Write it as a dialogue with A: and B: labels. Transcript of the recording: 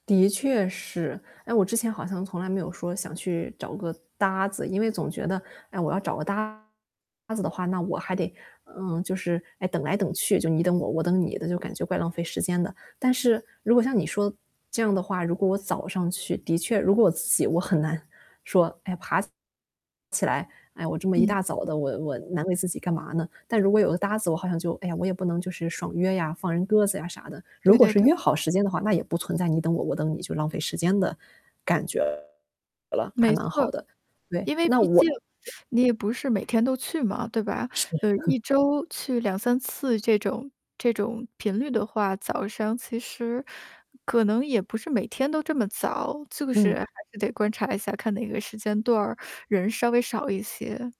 A: 的确是，哎，我之前好像从来没有说想去找个搭子，因为总觉得，“哎，我要找个搭子的话，那我还得嗯，就是，哎，等来等去”就你等我、我等你的，就感觉怪浪费时间的。但是如果像你说这样的话，如果我早上去的确如果我自己我很难，说，哎，爬起来：“哎，我这么一
B: 嗯。
A: 大早的我我难为自己干嘛呢？“但如果有个搭子，我好像就哎呀，我也不能就是爽约呀，放人鸽子呀，啥的。如
B: 对
A: 果
B: 对
A: 是
B: 对。
A: 约好时间的话，那也不存在你等我、我等你就浪费时间的感觉了，还
B: 没
A: 蛮好
B: 错。
A: 的。对，
B: 因为
A: 那
B: 毕
A: 我
B: 竟你也不是每天都去嘛，对吧？
A: 是
B: 呃，1周去2-3次这种这种频率的话，早上其实可能也不是每天都这么早，就是
A: 嗯。
B: 还是得观察一下，看哪个时间段儿，人稍微少一些。